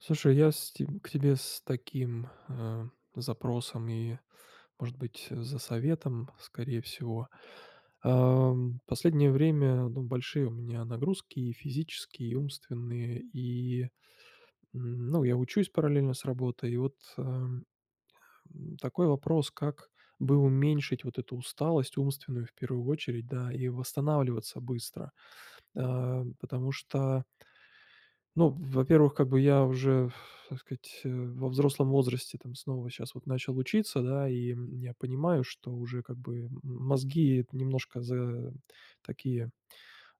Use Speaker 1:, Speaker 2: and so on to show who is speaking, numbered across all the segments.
Speaker 1: Слушай, я с те к тебе с таким, ам, запросом, и может быть за советом, скорее всего. Ам, последнее время ну большие у меня нагрузки, и физические и умственные, и, м, ну, я учусь параллельно с работой, и вот, ам, ам, такой вопрос: как бы уменьшить вот эту усталость умственную в первую очередь, да, и восстанавливаться быстро? Ам, потому что ну во-первых, как бы я уже ф так сказать, э, во взрослом возрасте там снова щас вот начал учиться, да, и, м, я понимаю, что уже как бы, м, мозги немножко за такие,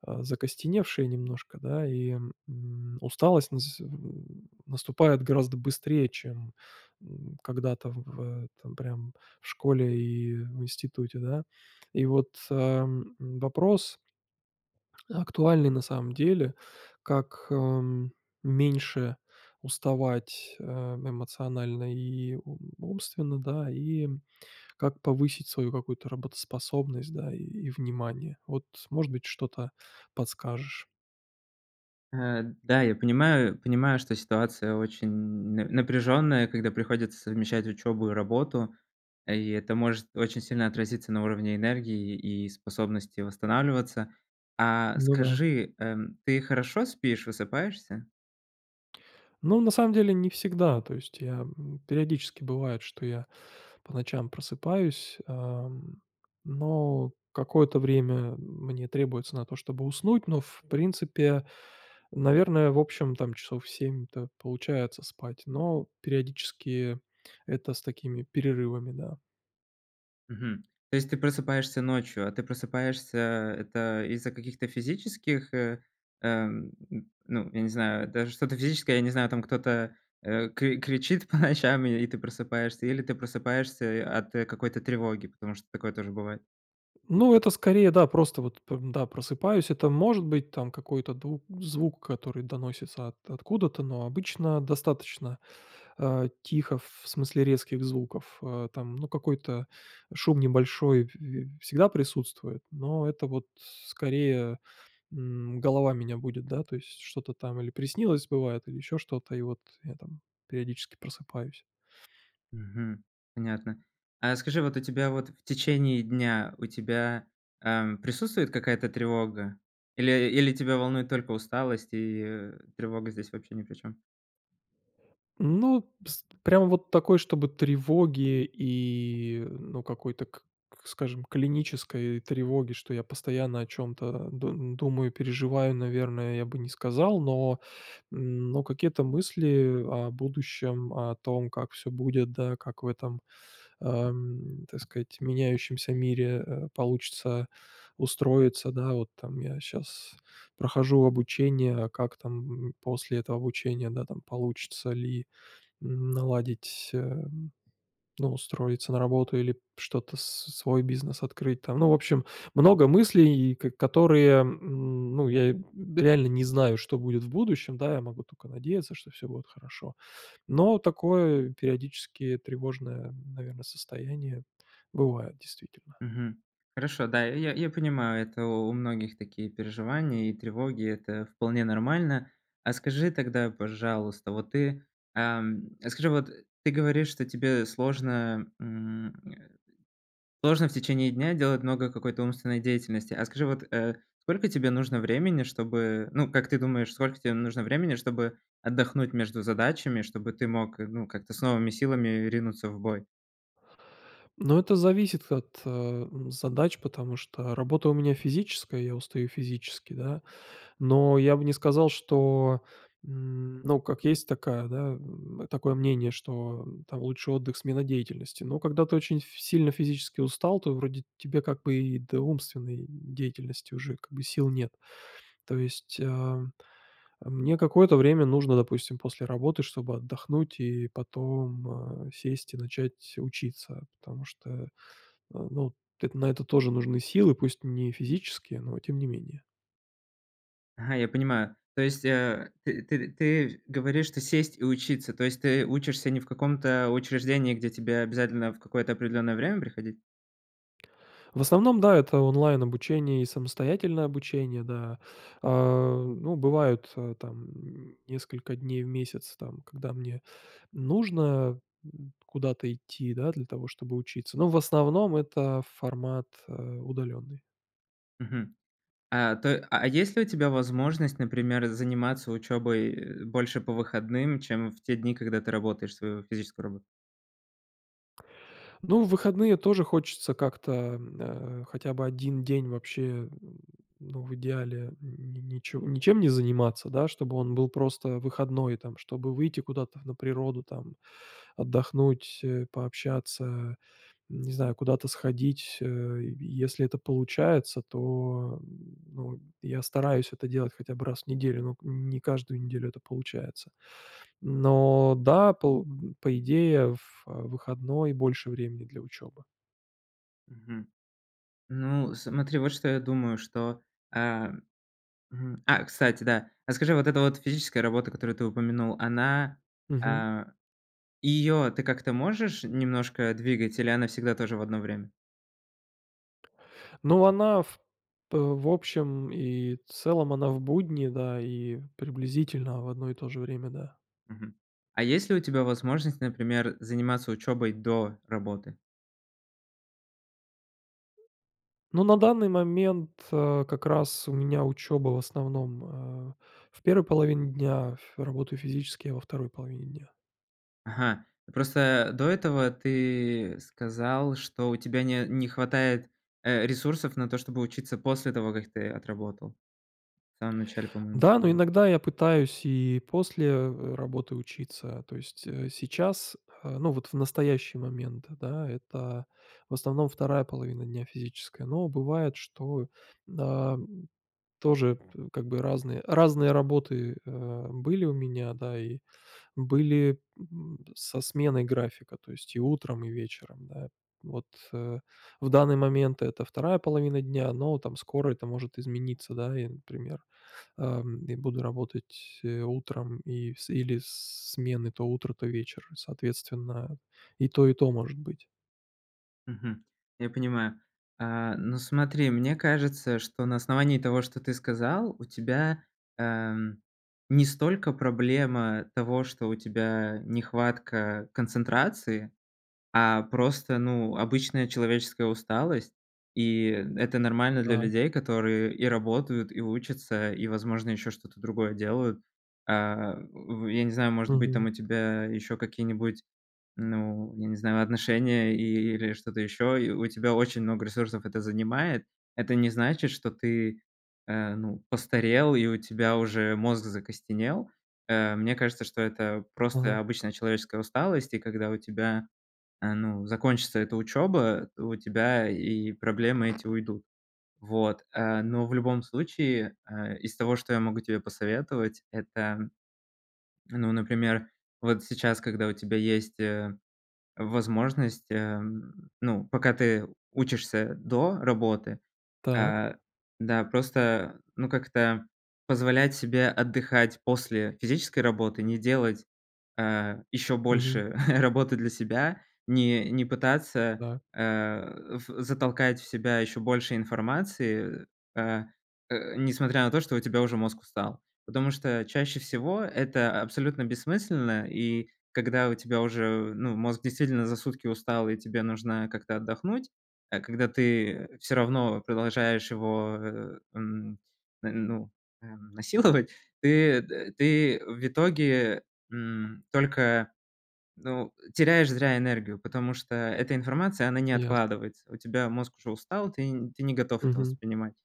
Speaker 1: а, закостеневшие немножко, да. И, м, усталость нас с м, м, наступает гораздо быстрее чем, м, когда-то в этом прям в школе, и в институте, да. И вот, ам, вопрос актуальный на самом деле: как, ам, меньше уставать, э, эмоционально и у умственно, да, и, м, как повысить свою какую-то работоспособность, да, и и внимание? Вот, может быть что-то подскажешь?
Speaker 2: Э, да, я понимаю понимаю, что ситуация очень на напряженная, когда приходится совмещать учебу и работу, и это может очень сильно отразиться на уровне энергии, и способности восстанавливаться. А,
Speaker 1: Ну да.
Speaker 2: скажи, эм, ты хорошо спишь, высыпаешься?
Speaker 1: Ну, на самом деле не всегда, то есть я, м, периодически бывает, что я по ночам просыпаюсь, ам, но какое-то время мне требуется на то чтобы уснуть, но в принципе, наверное, в общем там часов 7-то получается спать, но, периодически, это с такими перерывами, да.
Speaker 2: Мгм. То есть ты просыпаешься ночью. А ты просыпаешься- это из-за каких-то физических, э, эм, н ну я не знаю, даже что-то физическое, я не знаю, там кто-то, э, кри кричит по ночам и ты просыпаешься, или ты просыпаешься и от какой-то тревоги? Потому что такое тоже бывает.
Speaker 1: Ну, это скорее да, просто вот п да просыпаюсь, это может быть там какой-то ду звук, который доносится от откуда-то, но обычно достаточно, а, тихо ф в смысле резких звуков. Э, там ну какой-то шум небольшой п п всегда присутствует, но это вот скорее, м, голова меня будит, да, то есть что-то там или приснилось, бывает, или еще что-то, и вот я там периодически просыпаюсь.
Speaker 2: Мгм. Понятно. А скажи, вот у тебя вот в течение дня, у тебя, ам, присутствует какая-то тревога? Или или тебя волнует только усталость, и, э, тревога здесь вообще ни при чём?
Speaker 1: Ну, с прям вот такой чтобы тревоги, и, ну, какой-то к к скажем клинической тревоги, что я постоянно о чём-то, да, думаю, переживаю наверное, я бы не сказал, но, м, но какие-то мысли о будущем, о том как всё будет, да, как в этом, ам, так сказать меняющемся мире, э, получится устроиться. Да вот там я щас прохожу обучение, как там, м, после этого обучения, да, там получится ли наладить, эм, ну, устроиться на работу, или что-то с свой бизнес открыть, там, ну, в общем, много мыслей, и ко которые, м, ну, я б реально не знаю что будет в будущем, да, я могу тока надеяться, что всё будет хорошо, но такое, периодически, тревожное, наверно, состояние бывает, действительно.
Speaker 2: Мгм. Хорошо, да, я я понимаю, это у у многих такие переживания и тревоги, это вполне нормально. А скажи тогда, пожалуйста, вот ты, ам, а скажи вот ты говоришь, что тебе сложно, м, э, сложно в течение дня делать много какой-то умственной деятельности. А скажи, вот, э, сколько тебе нужно времени, чтобы, ну, как ты думаешь, сколько тебе нужно времени чтобы отдохнуть между задачами, чтобы ты мог, э, ну, как-то с новыми силами ринуться в бой?
Speaker 1: Но это зависит от, эм, задач, потому что работа у меня физическая, я устаю физически, да, но я бы не сказал, что, м, ну, как есть такая, да, м, такое мнение, что там лучший отдых- смена деятельности. Но когда ты очень ф сильно физически устал, то вроде тебе, как бы, и до умственной деятельности уже, как бы, сил нет. То есть, ам, а, мне какое-то время нужно допустим после работы чтобы отдохнуть и потом, а, сесть и начать учиться, потому что, а, ну, т на это тоже нужны силы, пусть не физические, но тем не менее.
Speaker 2: Я понимаю. То есть, э, ты ты ты говоришь, что сесть и учиться. То есть ты учишься не в каком-то учреждении, где тебе обязательно в какое-то определенное время приходить?
Speaker 1: В основном, да, это онлайн обучение, и самостоятельное обучение, да. А, ну, бывают там несколько дней в месяц там когда мне нужно н куда-то идти, да, для того чтобы учиться, но в основном это формат, э, удаленный.
Speaker 2: Мгм, а, то а, есть ли у тебя возможность, например, заниматься учёбой, э, больше по выходным, чем в те дни, когда ты работаешь свою физическую работу?
Speaker 1: Ну, в выходные тоже хочется как-то, м, а, хотя бы 1 день вообще, ну, в идеале, ни ничем не заниматься, да. Чтобы он был просто выходной там, чтобы выйти куда-то на природу там, отдохнуть, пообщаться, не знаю куда-то сходить, э, если это получается, то, ну, я стараюсь это делать хотя бы раз в неделю, но к не каждую неделю это получается. Но да, пол по идее, в выходной больше времени для учебы.
Speaker 2: Мгм. Ну смотри вот что я думаю что, э, м, а кстати, да, а скажи вот эта вот физическая работа, которую ты упомянул, она,
Speaker 1: Мгм.
Speaker 2: а, её ты как-то можешь немножко двигать или она всегда тоже в одно время?
Speaker 1: Ну она в п в общем и целом, она в будни, да, и приблизительно, в одно и тоже время, да.
Speaker 2: Мгм, а есть ли у тебя возможность, например, заниматься учёбой до работы?
Speaker 1: Но на данный момент, э, как раз у меня учёба в основном, э, в 1 половине дня, ф работаю физически я во 2 половине дня.
Speaker 2: Ага. Просто до этого ты сказал, что у тебя не не хватает, э, ресурсов на то, чтобы учиться после того, как ты отработал. В самом начале, по-моему,
Speaker 1: Да, но
Speaker 2: говорил.
Speaker 1: иногда я пытаюсь и после, э, работы учиться, то есть, э, сейчас, э, ну вот в настоящие момент, да, это в основном 2 половина дня физическая, но бывает что, а, тоже п как бы, разные разные работы, э, были у меня, да, и были, м, со сменой графика, то есть и утром и вечером, да, вот, э, в данный момент- это 2 половина дня, но там скоро это может измениться, да. И например, ам, и буду работать, э, утром и с или смены, то утро, то вечер. Соответственно, и то, и то может быть.
Speaker 2: Мгм. Я понимаю. Э, ну смотри, мне кажется, что на основании того, что ты сказал, у тебя, э, м, не столько проблема того, что у тебя нехватка концентрации, а просто, ну, обычная человеческая усталость, и это нормально для
Speaker 1: Так.
Speaker 2: людей, которые и работают, и учатся, и, возможно, еще что-то другое делают. Э, в э, я не знаю, может быть, там
Speaker 1: Мгм.
Speaker 2: у тебя еще какие-нибудь, ну, я не знаю, отношения, или что-то еще, и у тебя очень много ресурсов это занимает. Это не значит, что ты, э, ну, постарел, и у тебя уже мозг закостенел. Э, мне кажется, что это
Speaker 1: Ага.
Speaker 2: просто обычная человеческая усталость. И когда у тебя, э, ну, закончится эта учеба, у тебя и проблемы эти уйдут. Вот. Э, но в любом случае, э, из того, что я могу тебе посоветовать, это, ну, например, вот сейчас, когда у тебя есть, э, возможность, э, ну пока ты учишься до работы,
Speaker 1: Так.
Speaker 2: э, да, просто ну как-то, позволять себе отдыхать после физической работы. Не делать, э, еще
Speaker 1: Мгм.
Speaker 2: больше работы для себя, не не пытаться
Speaker 1: Так.
Speaker 2: э, в затолкать в себя еще больше информации, э, а, несмотря на то, что у тебя уже мозг устал. Потому что чаще всего- это абсолютно бессмысленно и когда у тебя уже, ну, мозг действительно за сутки устал, и тебе нужно как-то отдохнуть, а, когда ты всё равно продолжаешь его, э, м, ну, м, насиловать, ты т ты в итоге, м, только, ну, теряешь зря энергию, потому что эта информация, она не
Speaker 1: Ясно.
Speaker 2: откладывается. У тебя мозг уже устал, ты н ты не готов это
Speaker 1: Мгм.
Speaker 2: воспринимать.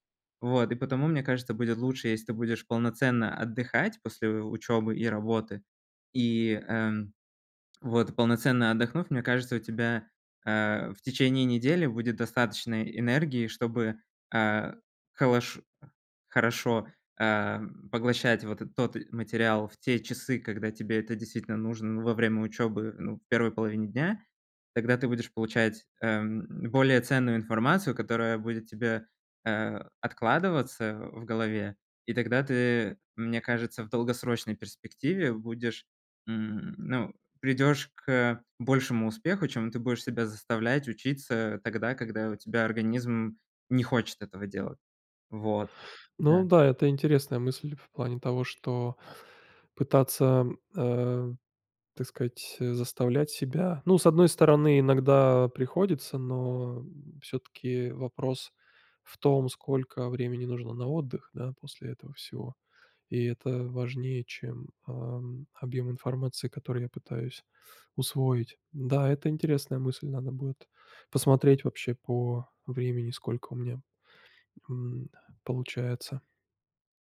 Speaker 2: Вот и потому мне кажется будет лучше, если ты будешь полноценно отдыхать после учебы и работы, э, м, вот полноценно отдохнув, мне кажется у тебя, э, в течение недели будет достаточно энергии, чтобы, э, холош хорошо, э, м, поглощать вот тот материал в те часы, когда тебе это действительно нужно во время учебы, ну, в 1 половине дня. Тогда ты будешь получать, э, м, более ценную информацию, которая будет тебе, э, откладываться в голове, и тогда ты, мне кажется, в долгосрочной перспективе будешь, м, ну придешь к большему успеху, чем ты будешь себя заставлять учиться тогда, когда у тебя организм не хочет этого делать. Вот, да.
Speaker 1: Ну да, это интересная мысль, в плане того, что пытаться, э, так сказать, заставлять себя. Ну, с одной стороны иногда приходится, но всё-таки вопрос в том сколько времени нужно на отдых, да, после этого всего, и это важнее чем, а, м, объем информации который я пытаюсь усвоить. Да, это интересная мысль, надо будет посмотреть вообще по времени, сколько у меня, м, получается.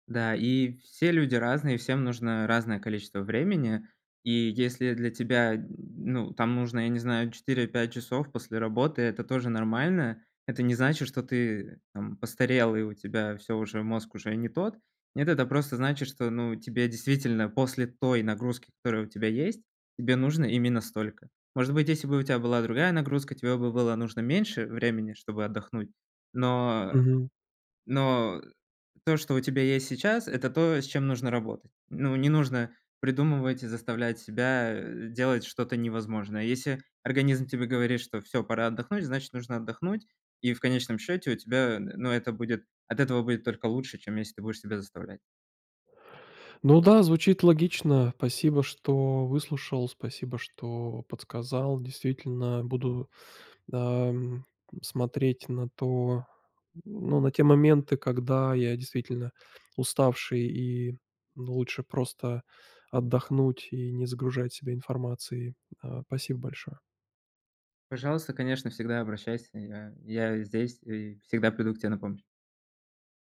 Speaker 2: Да, и все люди разные, всем нужно разное количество времени. И если для тебя, ну, там нужно, я не знаю 4-5 часов после работы- это тоже нормально. Это не значит, что ты там постарел, и у тебя всё, уже мозг уже не тот. Нет, это просто значит, что ну тебе действительно после той нагрузки, которая у тебя есть, тебе нужно именно столько. Может быть, если бы у тя была другая нагрузка, тебе бы было нужно меньше времени, чтобы отдохнуть. Но
Speaker 1: Мгм.
Speaker 2: но то, что у тебя есть сейчас- это то, с чем нужно работать. Ну, не нужно придумывать и заставлять себя, э, делать что-то невозможное. Если организм тебе говорит, что всё, пора отдохнуть, значит нужно отдохнуть, и в конечном счёте у тебя н но это будет от этого будет только лучше, чем если ты будешь себя заставлять.
Speaker 1: Ну да, звучит логично. Спасибо, что выслушал, спасибо что подсказал. Действительно, буду, ам, смотреть на то, ну, на те моменты, когда я действительно уставший, и, ну, лучше просто отдохнуть, и не загружать себя информацией. А, спасибо большое!
Speaker 2: Пожалуйста, конечно, всегда обращайся. Я я здесь, и всегда приду к тебе на помощь.